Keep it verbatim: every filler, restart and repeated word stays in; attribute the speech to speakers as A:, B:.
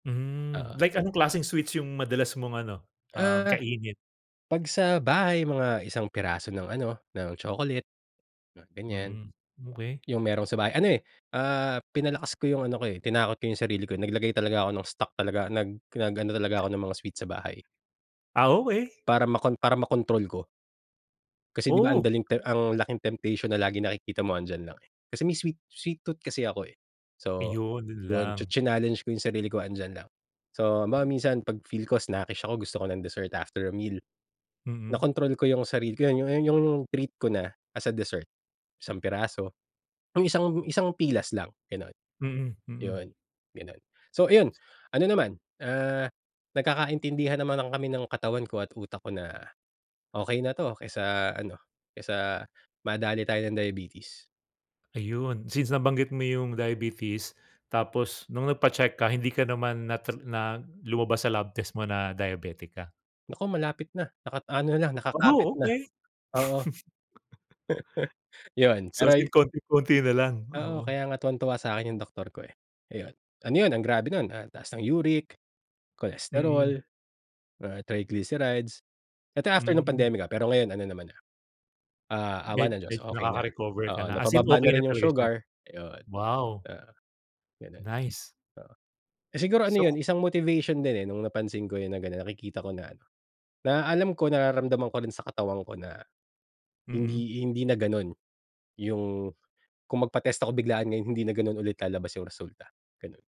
A: Hmm,
B: Oo.
A: like anong klaseng sweets yung madalas mong ano, um,
B: Ah,
A: kainin?
B: pag sa bahay mga isang piraso ng ano, ng chocolate, mga ganyan.
A: Hmm, okey.
B: Yung merong sa bahay, ano eh, ah, pinalakas ko yung ano ko eh, tinakot ko yung sarili ko, nag-lagay talaga ako ng stock talaga, nag nag-ano talaga ako ng mga sweet sa bahay.
A: Ah, okey.
B: Para makon para ma-kontrol ko kasi di ba
A: Oh.
B: andaling ti ang laking temptation na laging nakikita mo 'andiyan lang eh, kasi may sweet-sweet tooth kasi ako eh. So,
A: Ayun, yun
B: yun, chi
A: lang.
B: chinallenge ko yung sarili ko andiyan lang. So, halimbawa minsan pag-feel ko snackish ako gusto ko ng dessert after a meal,
A: Mm.
B: na-kontrol ko yung sarili ko, kaya ayun yung yung treat ko na as a dessert, isang piraso, yung isang isang pilas lang ganon,
A: Mm, mm.
B: yun ganun. So iyon, ano naman, ah, nagkakaintindihan naman kami ng katawan ko at utak ko na, okey na to kaysa ano, kaysa madale tayo ng diabetes.
A: Ayun, since nabanggit mo yung diabetes, tapos nung nagpa-check ka, hindi ka naman na ta lumabas sa lab test mo na diabetic ka?
B: Naku malapit na, naka-ano na nakakapit
A: Oh,
B: na,
A: okey.
B: oo. Yun
A: So
B: pero
A: as
B: yu
A: in konting-konti na lang?
B: Oo,
A: Oo.
B: kaya nga tuwang-tuwa sakin yung doktor ko eh, ayun, ano yun ang grabe nun ah, taas ng uric,
A: Mm.
B: cholesterol, ah, triglycerides. Eto after nung
A: Hmm.
B: pandemic ah, pero ngayon ano naman na, ah, awa
A: Med
B: ng Diyos
A: medyo
B: okey na
A: nakaka-recover ka
B: oo
A: na as in
B: napa-baba na
A: okey na
B: rin yung
A: talaga siya?
B: sugar yun.
A: Wow!
B: Oo, ganun oo.
A: Nice.
B: Siguro ano
A: So k
B: yun, isang motivation din eh, nung napansin ko yun na ganon, nakikita ko na ano, na alam ko nararamdaman ko rin sa katawan ko na,
A: Mm.
B: hindi hindi na ganun yung kung magpa-test ako biglaan ngayon hindi na ganun ulit lalabas yung resulta, ganun.